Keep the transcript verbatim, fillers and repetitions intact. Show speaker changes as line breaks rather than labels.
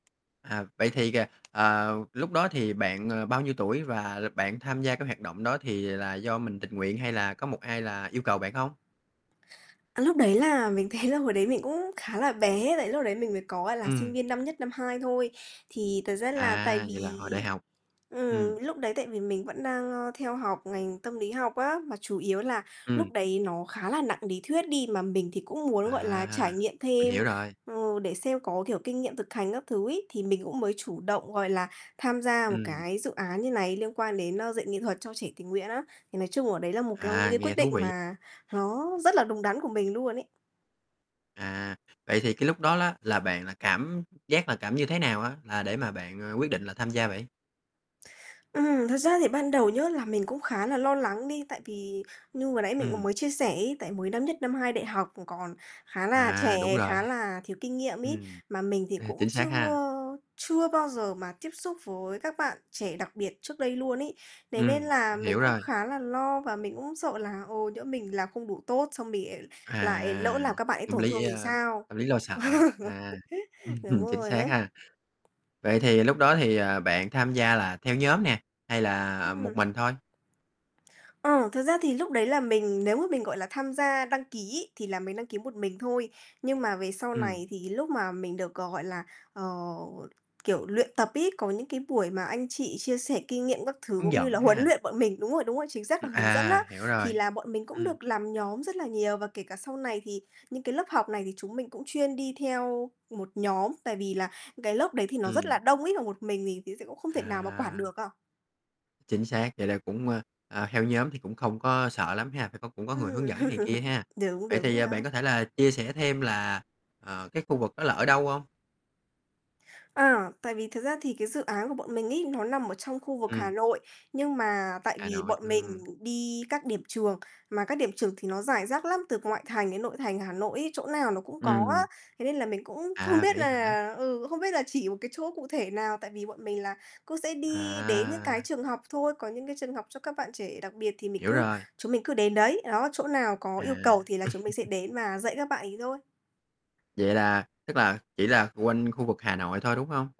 À. Vậy thì, à, ờ, lúc đó thì bạn, ờ, bao nhiêu tuổi và l bạn tham gia cái hoạt động đó thì là do mình tình nguyện, hay là có một ai là yêu cầu bạn hông?
Cái lúc đấy là mình thấy là hồi đấy mình cũng khá là bé tại lúc đấy mình mới có, gọi là, sinh
Ừm.
viên năm nhất, năm hai thôi. Thì thật ra là tại
À,
vì
vậy là hồi đại học. Ừm.
ừm, lúc đấy tại vì mình vẫn đang, ơ, theo học ngành tâm lý học á, mà chủ yếu là
Ừm.
lúc đấy nó khá là nặng ný thuyết đi mà mình thì cũng muốn, gọi là, trải
À.
nghiệm
Mình
thêm,
hiểu rồi.
ừ, để xem có, kiểu, kinh nghiệm thực hành các thứ ấy, thì mình cũng mới chủ động, gọi là, tham gia một
Ừm.
cái dự án như này liên quan đến, a, dạy nghệ thuật cho trẻ tình nguyện á. Thì nói chung ở đấy là một cong những
À,
cái quyết
nghe thú
định
vị.
mà nó rất là
[unintelligible]
đúng đắn của mình luôn ấy.
À. Vậy thì cái lúc đó ló là bạn là cảm giác là cảm như thế nào á là để mà bạn, à, quyết định là tham gia vậy?
Ừm, thật ra thì ban đầu nhớ là mình cũng khá là lo lắng đi, tại vì như vừa nãy mình cũng
Ừm.
mới chia sẻ ấy, tại mới năm nhất, năm hai đại học [unintelligible] còn khá là
À, đúng
trẻ,
rồi.
khá là thiếu kinh nghiệm ấy,
Ừm.
mà mình thì
Ê,
cũng
chính xác
chưa
ha.
chưa bao giờ mà tiếp xúc với các bạn trẻ đặc biệt trước đây luôn ấy. Thế nên
Ừm.
là
Mình
mình
hiểu
cũng
rồi.
khá là lo và mình cũng sợ là, ồ, nhỡ mình làm không đủ tốt, xong mình [unintelligible] lại lỡ
À.
làm các bạn ấy
Tâm
tổn
lý
thương
dễ,
thì
a,
sao?
tâm lý lo sợ á. À.
Đúng
Chính
rồi
xác
á.
ha. Vậy thì lúc đó thì, à, bạn tham gia là theo nhóm nè, hay là, à, một
Ừm.
mình thôi?
Ờ, thực ra thì lúc đấy là mình nếu mà mình, gọi là, tham gia đăng ký ấy thì là mình đăng ký một mình thôi. Nhưng mà về sau
Ừm.
này thì lúc mà mình được, g gọi là, ờ, kiểu, luyện tập ấy, có những cái buổi mà anh chị chia sẻ kinh nghiệm các thứ,
Hướng
cũng như
dẫn
là huấn
ha.
luyện bọn mình. Đúng rồi, đúng rồi, chính xác là
Ừm,
hướng dẫn á.
à, hiểu
Thì
rồi.
là bọn mình cũng
Ừm.
được làm nhóm rất là nhiều và kể cả sau này thì những cái lớp học này thì chúng mình cũng chuyên đi theo một nhóm, tại vì là cái lớp đấy thì nó rất là
Ừm.
đông ấy mà một mình thì thì sẽ cũng không thể nào mà quản
À.
được à.
Chính xác, vậy là cũng, ơ, ờ, theo nhóm thì cũng không có sợ lắm ha, phải có cũng có người
Ừm.
hướng dẫn này kia ha.
Đúng,
Vậy
đúng
thì,
rồi
à,
á.
bạn có thể là chia sẻ thêm là, ờ, cái khu vực đó là ở đâu hông?
À, tại vì thật ra thì cái dự án của bọn mình ấy, nó nằm ở trong khu vực Hà
Ừm.
Nội, nhưng mà tại
Hà
vì
Nội,
bọn mình
ừm.
đi các điểm trường, mà các điểm trường thì nó rải rác lắm, từ ngoại thành đến nội thành Hà Nội ấy, chỗ nào nó cũng có á.
Ừm.
Thế nên là mình cũng không
À,
biết
vậy hả?
là ừ, không biết là chỉ một cái chỗ cụ thể nào, tại vì bọn mình là cũng sẽ đi đến những cái
À!
trường học thôi, có những cái trường học cho các bạn trẻ đặc biệt thì mình
Hiểu
cứ
rồi.
chúng mình cứ đến đấy. Đó, chỗ nào có yêu
À.
cầu thì là chúng mình sẽ đến và dạy các bạn ấy thôi.
Vậy là tức là chỉ là quanh khu vực Hà Nội thôi, đúng hông?